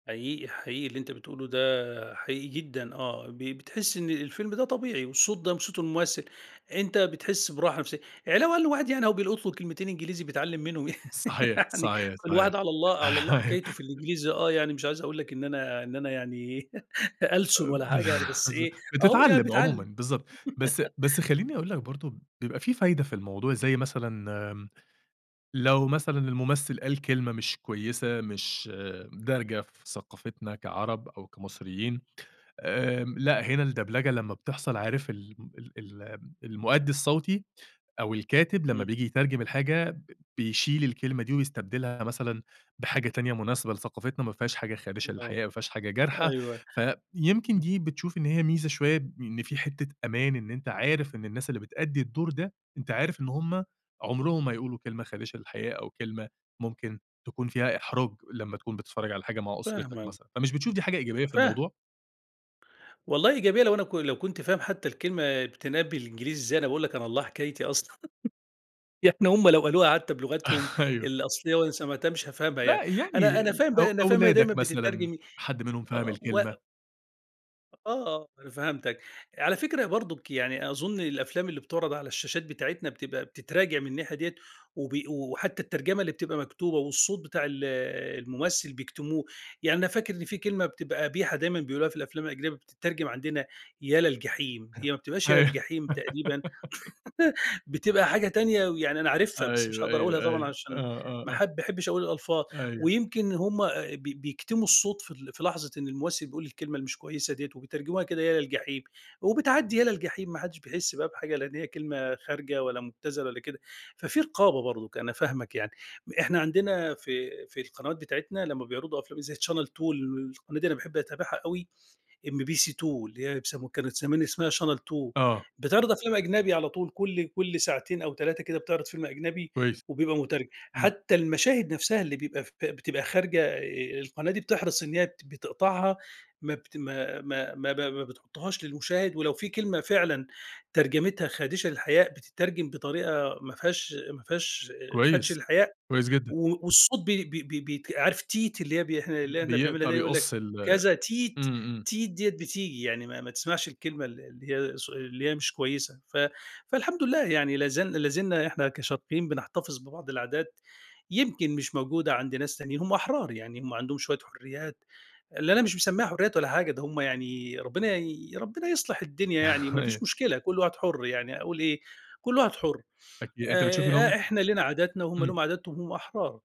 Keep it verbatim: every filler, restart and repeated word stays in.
حقيقي حقيقي، اللي أنتَ بتقوله ده حقيقي جدًا، آه ب بتحِس إن الفيلم ده طبيعي، والصوت ده وصوت الممثّل، أنتَ بتحس براحة نفسيِّة، علاوة على إن الواحد يعني أهو بيلقُط له كلمتين إنجليزي بيتعلَّم منهم صحيح، يعني، صحيح، صحيح والواحد على الله على الله أيوه. حكايته في الإنجليزي، آه، يعني مش عايِز أقول لك إن أنا إن أنا يعني ألسُن أب ولا حاجة يعني، بس بالضبط، إيه، أهو يعني بتتعلَّم عمومًا، بيتعلَّم. بالضبط، بس أ بس خلِّيني أقول لك برضه، بيبقى في فايدة في الموضوع، زي مثلًا آمم، لو مثلًا الممثل قال كلمة مش كويِسة، مش دارجة في ثقافتنا كعرب أو كمصريين، آمم، لأ، هنا الدبلجة لمّا بتحصل، عارِف الم ال الم المؤدِّي الصوتي أو الكاتب لمّا امم. بييجي يترجم الحاجة، ب بيشيل الكلمة دي ويستبدِلها مثلًا بحاجة تانية مناسِبة لثقافتنا، ما فيهاش حاجة خادشة آه، للحياء، ما فيهاش حاجة جارحة. أيوه، فيمكن إمم. دي بتشوف إن هي ميزة شوية، إن في حتّة أمان إن أنتَ عارِف إن الناس اللي بتأدِّي الدور ده، أنتَ عارِف إن هُم عُمرهم ما هيقولوا كلمة خادشة للحياء أو كلمة ممكن تكون فيها إحراج، لمّا تكون بتتفرَّج على حاجة مع أسرتك فاهمك. مثلًا. فمش بتشوف دي حاجة إيجابية في فاه الموضوع؟ والله إيجابية، لو أنا ك لو كنت فاهم حتى الكلمة بتنقال بالإنجليزي إزاي، أنا باقول لك على الله حكايتي أصلًا، يعني هُم لو قالوها حتى بلُغتهم أيوه. الأصلية وأنا سمَعتها مش هافهمها يعني لأ، أنا يعني أنا ال فاهم أو بقى أنا فاهم إنها دايمًا أولادك مثلًا بتترجم حد منهم فَهم آه و الكلمة. آه، أنا فهمتَك، على فكرة أهي برضُك يعني، أظن الأفلام اللي بتُعرض على الشاشات بتاعتنا بتبقى بتتراجع من الناحية ديّة، وبي و وحتى الترجمة اللي بتبقى مكتوبة، والصوت بتاع ال الممثل بيكتموه يعني، أنا فاكر إن في كلمة بتبقى قبيحة دايمًا بيقولوها في الأفلام الأجنبية، بتترجم عندنا "ا للجحيم" هي ما بتبقاش يا أيوه. للجحيم تقريبًا، بتبقى حاجة تانية، ويعني أنا عارفها بس مش أيوه، هاقدَر أقولها أيوه، طبعًا أيوه، عشان آه، آه، ما آه. حب ما احبِش أقول الألفاظ. أيوه. ويمكن إن هُم بي بيكتموا الصوت في ال في لحظة إن الممثل بيقول الكلمة اللي مش كويِسة ديّة، وبيترجموها كده يا للجحيم وبتعدِّي يا للجحيم، ما حدّش بيحس بقى بحاجة، لإن هي كلمة خارجة والّا مُبتذلة والّا كده. ففي رقابة برضُك، أنا فاهمَك يعني. م إحنا عندنا في في القنوات بتاعتنا، لمّا بيعرَضوا أفلام زي Channel Two ال القناة دي أنا باحب أتابعها أوي، MBC2 اللي هي أب سمو كانت زمان اسمها Channel Two، آه. بتعرض أفلام أجنبي على طول، كل كل ساعتين أو تلاتة كده بتعرض فيلم أجنبي، كويس. وبيبقى مترجم، إمم. حتى المَشاهد نفسها اللي بيبقى ف بتبقى خارجة، آآ، القناة دي بتحرِص إن هي ت بتقطَعها، ما بت ما ما ما ب ب ما بتحُطُّهاش للمُشاهد، ولو في كلمة فعلًا ترجمتها خادشة للحياء، بتترجم بطريقة ما فيهاش ما فيهاش آآ، خَدش كويس، للحياء، كويس جدًا. و والصوت بي بي بي بي عارِف "تيت" اللي بي إحنا اللي ب إحنا بنعمِلها بيقطع دي، هيقول لك بيقص ال كذا "تيت"، إمم، إمم. "تيت" ديّة بتيجي، يعني ما ما تسمَعش الكلمة ال اللي هي صو اللي هي مش كويِسة. ف فالحمد لله يعني لا زال لا زلنا إحنا كشرقيين بنحتفظ ببعض العادات، يمكن مش موجودة عند ناس تانيين، هُم أحرار يعني، هُم عندهم شوية حُرّيات اللي أنا مش مسمِّيها حُرّيات ولا حاجة، ده هُم يعني ربنا يي ربنا يصلِح الدنيا يعني، ما أيوه. فيش مشكلة، كل واحد حُر يعني، أقول إيه، كل واحد حُر. أكيد، أنت بتشوف إن آآ، هُم إحنا لينا عادتنا وهُم ليهُم إمم. عاداتهم، هُم أحرار.